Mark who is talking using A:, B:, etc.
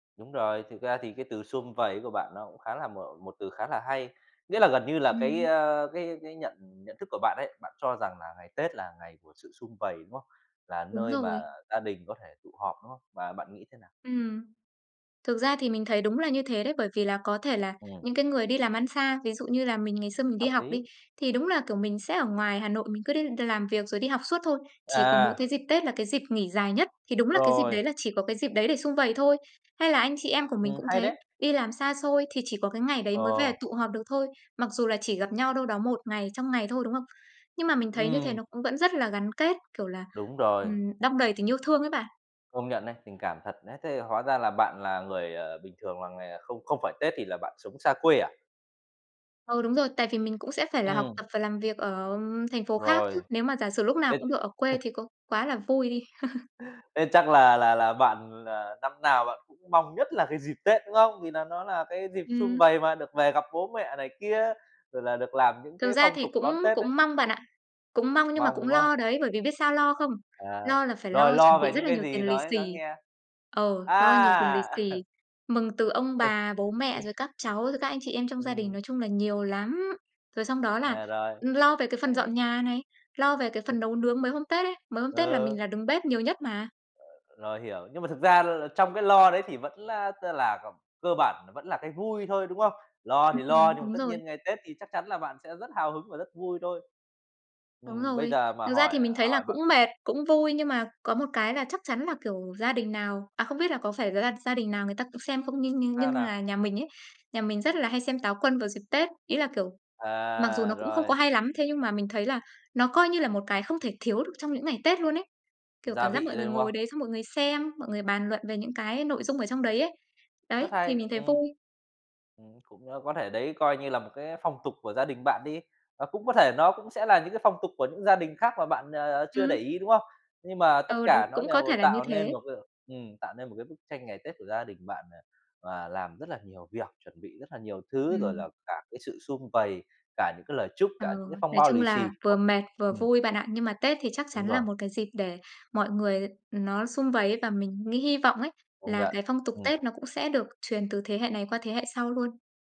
A: Đúng rồi, thực ra thì cái từ sum vầy ấy của bạn, nó cũng khá là m một từ khá là hay. Nghĩa là gần như là cái,
B: Ừm.
A: ơ, cái cái nhận nhận thức của bạn ấy, bạn cho rằng là ngày Tết là ngày của sự sum vầy, đúng không? Là
B: Đúng
A: nơi mà
B: rồi.
A: gia đình có thể tụ họp, đúng không? Và bạn nghĩ thế nào?
B: Ừm. Thực ra thì mình thấy đúng là như thế đấy. Bởi vì là có thể là
A: Ừm.
B: những cái người đi làm ăn xa, ví dụ như là mình, ngày xưa mình đi
A: Hợp
B: học đi,
A: lý.
B: thì đúng là, kiểu, mình sẽ ở ngoài Hà Nội, mình cứ đi làm việc rồi đi học suốt thôi, chỉ có mỗi
A: À.
B: cái dịp Tết là cái dịp nghỉ dài nhất. Thì đúng là cái dịp
A: Rồi.
B: đấy là chỉ có cái dịp đấy để sum vầy thôi. Hay là anh chị em của mình
A: Ừm,
B: cũng
A: hay
B: thế,
A: đấy.
B: đi làm xa xôi thì chỉ có cái ngày đấy
A: Ờ.
B: mới về tụ họp được thôi, mặc dù là chỉ gặp nhau đâu đó 1 ngày, trong ngày thôi, đúng không? Nhưng mà mình thấy như thế
A: Ừm.
B: nó cũng vẫn rất là gắn kết, kiểu là,
A: Đúng rồi.
B: ừm, đong đầy tình yêu thương ấy bạn.
A: Công nhận đấy, tình cảm thật. Đấy, thế thì hóa ra là bạn là người, ờ, bình thường là người, ờ, không không phải Tết thì là bạn sống xa quê à?
B: Ừ, đúng rồi, tại vì mình cũng sẽ phải là học
A: Ừm.
B: tập và làm việc ở thành phố khác chứ.
A: Rồi.
B: Nếu mà giả sử lúc nào
A: Tết
B: cũng được ở quê thì có quá là vui đi.
A: Thế chắc là là là bạn là năm nào bạn cũng mong nhất là cái dịp Tết, đúng không? Vì nà nó là cái dịp sum
B: Ừm.
A: vầy mà, được về gặp bố mẹ này kia, rồi là được làm những
B: Thực
A: cái
B: ra
A: phong
B: thì
A: tục
B: cũng
A: đón Tết ấy.
B: cũng mong bạn ạ, cũng mong nhưng mà
A: Mong,
B: cũng
A: đúng
B: lo
A: không?
B: đấy, bởi vì biết sao lo không?
A: À.
B: Lo là phải
A: Rồi,
B: lo chuẩn
A: lo
B: bị
A: về
B: rất
A: những
B: là
A: cái
B: nhiều
A: gì,
B: tiền lì
A: nói
B: xì
A: nói nghe.
B: ờ, lo nhiều tiền lì
A: À!
B: xì, mừng từ ông bà, bố mẹ, rồi các cháu, rồi các anh chị em trong gia đình,
A: Ừm.
B: nói chung là nhiều lắm. Rồi xong đó là,
A: À, rồi.
B: ừm, lo về cái phần dọn
A: Hay.
B: nhà này, lo về cái phần nấu nướng mấy hôm Tết ấy. Mấy hôm Tết là
A: Ờ.
B: mình là đứng bếp nhiều nhất mà.
A: Ờ. Rồi, hiểu. Nhưng mà thực ra l là trong cái lo đấy thì vẫn, a, tức là c cơ bản nó vẫn là cái vui thôi, đúng không? Lo
B: Ừm,
A: thì lo
B: ừm,
A: nhưng mà
B: đúng
A: tất
B: rồi.
A: nhiên ngày Tết thì chắc chắn là bạn sẽ rất hào hứng và rất vui thôi.
B: Đúng
A: Ừm, bây
B: rồi.
A: giờ mà
B: Thực ra
A: hỏi,
B: thì
A: ờ,
B: mình thấy là
A: hỏi bạn
B: cũng mệt, cũng vui, nhưng mà có một cái là chắc chắn là, kiểu, gia đình nào à, không biết là có phải gia gia đình nào người ta cũng xem không, nhưng nhưng
A: Sao
B: nhưng
A: nào?
B: là nhà mình ấy, nhà mình rất là hay xem Táo Quân vào dịp Tết. Ý là, kiểu, mặc dù
A: À,
B: nó cũng không
A: rồi.
B: có hay lắm, thế nhưng mà mình thấy là nó coi như là một cái không thể thiếu được trong những ngày Tết luôn ấy, kiểu,
A: Gia
B: cảm
A: vị
B: giác mọi người
A: đây, đúng
B: ngồi
A: không?
B: đấy, xong mọi người xem, mọi người bàn luận về những cái nội dung ở trong đấy ấy. Đấy,
A: Rất
B: thì
A: hay.
B: mình thấy
A: Ừm.
B: vui.
A: Ừm, cũng có thể đấy coi như là một cái phong tục của gia đình bạn đi, và cũng có thể nó cũng sẽ là những cái phong tục của những gia đình khác mà bạn, ờ, ờ, chưa để
B: Ừm.
A: ý, đúng không? Nhưng mà tất
B: Ờ, đúng.
A: cả nó
B: Cũng có
A: đều
B: thể là như
A: tạo nên
B: thế.
A: một cái ừm, tạo nên một cái bức tranh ngày Tết của gia đình bạn, à, và làm rất là nhiều việc, chuẩn bị rất là nhiều thứ, rồi
B: Ừm.
A: là cả cái sự sum vầy, cả những cái lời chúc,
B: Ờ,
A: cả những cái phong
B: nói
A: bao
B: chung
A: lì
B: là
A: xì.
B: vừa mệt, vừa
A: Ừm.
B: vui bạn ạ. Nhưng mà Tết thì chắc
A: Đúng
B: chắn là
A: rồi.
B: một cái dịp để mọi người, ừm, nó sum vầy ấy, và mình nghĩ hy vọng ấy,
A: Công
B: là
A: nhận.
B: cái phong tục
A: Ừm.
B: Tết nó cũng sẽ được truyền từ thế hệ này qua thế hệ sau luôn.